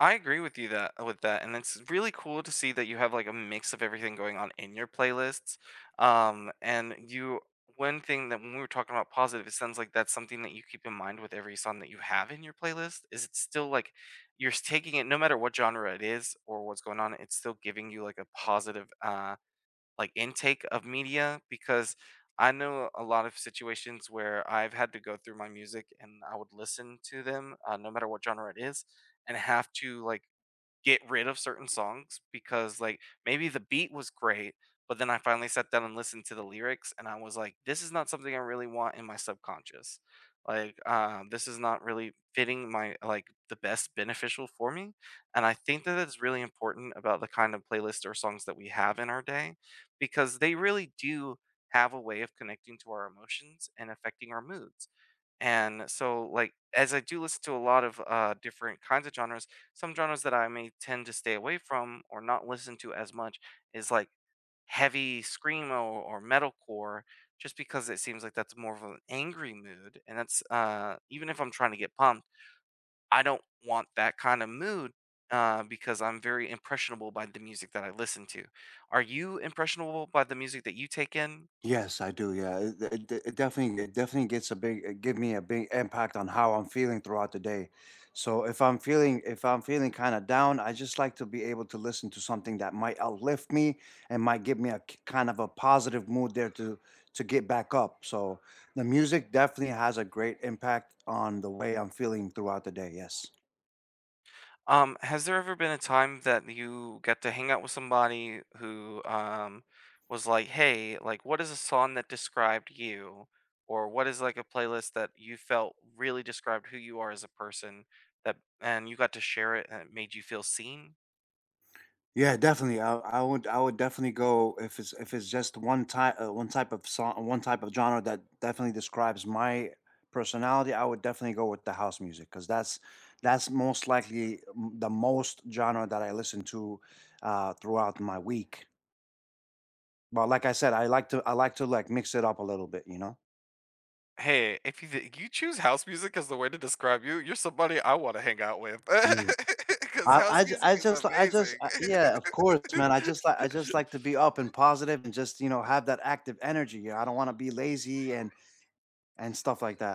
I agree with you that with that, and it's really cool to see that you have like a mix of everything going on in your playlists, um, and you one thing that when we were talking about positive, it sounds like that's something that you keep in mind with every song that you have in your playlist, is it's still, like, you're taking it no matter what genre it is, or what's going on, it's still giving you like a positive, uh, like intake of media, because I know a lot of situations where I've had to go through my music and I would listen to them, uh, no matter what genre it is, and have to like get rid of certain songs because like maybe the beat was great, but then I finally sat down and listened to the lyrics, and I was like, "This is not something I really want in my subconscious," like, uh, "This is not really fitting my, like, the best beneficial for me," and I think that it's really important about the kind of playlists or songs that we have in our day, because they really do have a way of connecting to our emotions and affecting our moods. And so, like, as I do listen to a lot of, uh, different kinds of genres, some genres that I may tend to stay away from or not listen to as much is, like, heavy screamo, or metal core just because it seems like that's more of an angry mood and that's, uh, even if I'm trying to get pumped, I don't want that kind of mood, uh, because I'm very impressionable by the music that I listen to, are you impressionable by the music that you take in? Yes, I do, yeah, it it it definitely it definitely gets a big give me a big impact on how I'm feeling throughout the day, so if I'm feeling if I'm feeling kind of down, I just like to be able to listen to something that might uplift me and might give me a k kind of a positive mood there to to get back up, so the music definitely has a great impact on the way I'm feeling throughout the day, yes. Um, has there ever been a time that you get to hang out with somebody who, um, was like, "hey, like what is a song that described you, or what is like a playlist that you felt really described who you are as a person," that and you got to share it and it made you feel seen? Yeah, definitely, I I would I would definitely go if it's if it's just one type uh, one type of son one type of genre that definitely describes my personality, I would definitely go with the house music 'cause that's that's most likely m the most genre that I listen to, uh, throughout my week. But like I said, I like to I like to like mix it up a little bit, you know. Hey, if you think you choose house music as the way to describe you, you're somebody I want to hang out with Yeah, 'cause I I house j music I is just I just, amazing. uh, yeah, of course, man, I just like I just like to be up and positive and just, you know, have that active energy, I don't wanna be lazy and and stuff like that.